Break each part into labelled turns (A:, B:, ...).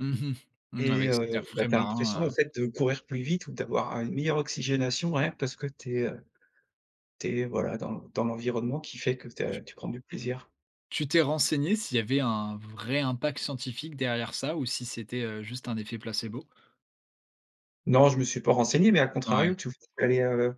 A: Mmh mh. Mmh
B: Et
A: avec cet
B: heu,
A: air
B: ben,
A: frais
B: tu as l'impression,
A: marin,
B: en
A: heu
B: fait, de courir plus vite ou d'avoir une meilleure oxygénation, ouais, parce que tu es, heu, tu es, voilà, dans l dans l'environnement qui fait que tu as
A: Tu
B: tu prends du plaisir.
A: tu t'es renseigné, s'il y avait un vrai impact scientifique derrière ça, ou si c'était, heu, juste un effet placebo?
B: Non, je me suis pas renseigné mais à
A: Ouais.
B: contrario, tu [unintelligible] aller, heu,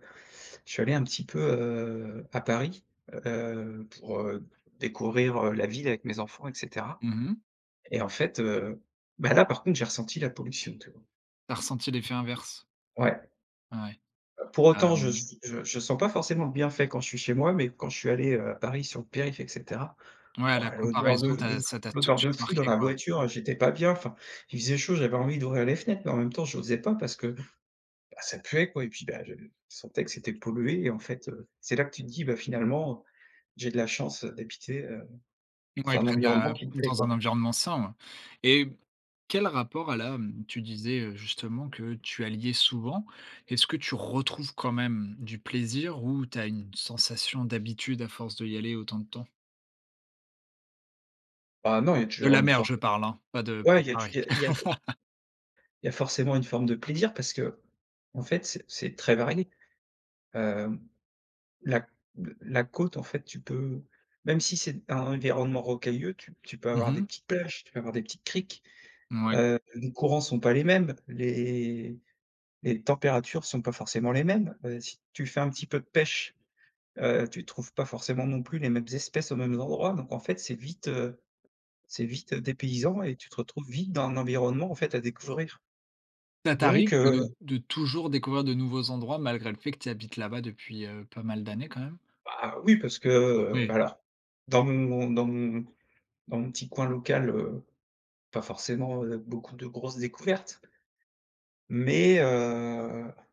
B: je suis allé un petit peu, heu, à Paris, heu, pour, heu, découvrir, heu, la ville avec mes enfants et cetera,
A: Mmh mh.
B: et en fait, heu, ben, là par contre j'ai ressenti la pollution, tu vois?
A: Tu as ressenti l'effet inverse.
B: Ouais.
A: Ouais,
B: Bah, pour autant je
A: hem.
B: s je je sens pas forcément le bienfait quand je suis chez moi, mais quand je suis allé, heu, à Paris sur le périph et cetera,
A: Ouais, à
B: oh,
A: la
B: l'odeur de
A: comparaison,
B: f de
A: t'a
B: f
A: ça t'a tout de
B: l'odeur de
A: suite
B: fou dans
A: marqué,
B: la
A: quoi.
B: voiture, j'étais pas bien, enfin, il faisait chaud, j'avais envie d'ouvrir les fenêtres mais en même temps j'osais pas parce que, bah, ça puait quoi et puis, bah, je sentais que c'était pollué et en fait, heu, c'est là que tu te dis, bah, finalement, j'ai de la chance d'habiter, heu,
A: Ouais,
B: dans un
A: près de
B: environnement
A: la
B: qui me plaît,
A: dans un
B: quoi.
A: environnement sain, ouais, et quel rapport elle a, mmh, tu disais, heu, justement, que tu alliais souvent, est-ce que tu retrouves quand même du plaisir ou tu as une sensation d'habitude à force d'y aller autant de temps?
B: Bah, non, il y a
A: De
B: toujours
A: la
B: une
A: mer,
B: forme
A: je parle, hein, pas de
B: b ouais, il y a tu
A: Paris.
B: il y a il y a for il y a forcément une forme de plaisir parce qu'en fait, c'est c'est très varié. Hem, la l la côte, en fait, tu peux même si c'est un environnement rocailleux, tu p tu peux
A: Mmh
B: avoir des
A: mh.
B: petites plages, tu peux avoir des petites criques.
A: Mouais.
B: Heu, les courants sont pas les mêmes, les les températures sont pas forcément les mêmes, heu, si tu fais un petit peu de pêche, heu, tu trouves pas forcément non plus les mêmes espèces aux mêmes endroits donc en fait, c'est vite, heu, c'est vite dépaysant et tu te retrouves vite dans un environnement, en fait, à découvrir,
A: Ça t'arrive
B: donc heu.
A: de de toujours découvrir de nouveaux endroits, malgré le fait que tu habites là-bas, depuis, heu, pas mal d'années, quand même?
B: Bah, oui parce que, heu,
A: Ouais.
B: bah, alors, dans mon dans mon dans mon petit coin local, heu, pas forcément, heu, beaucoup de grosses découvertes mais heu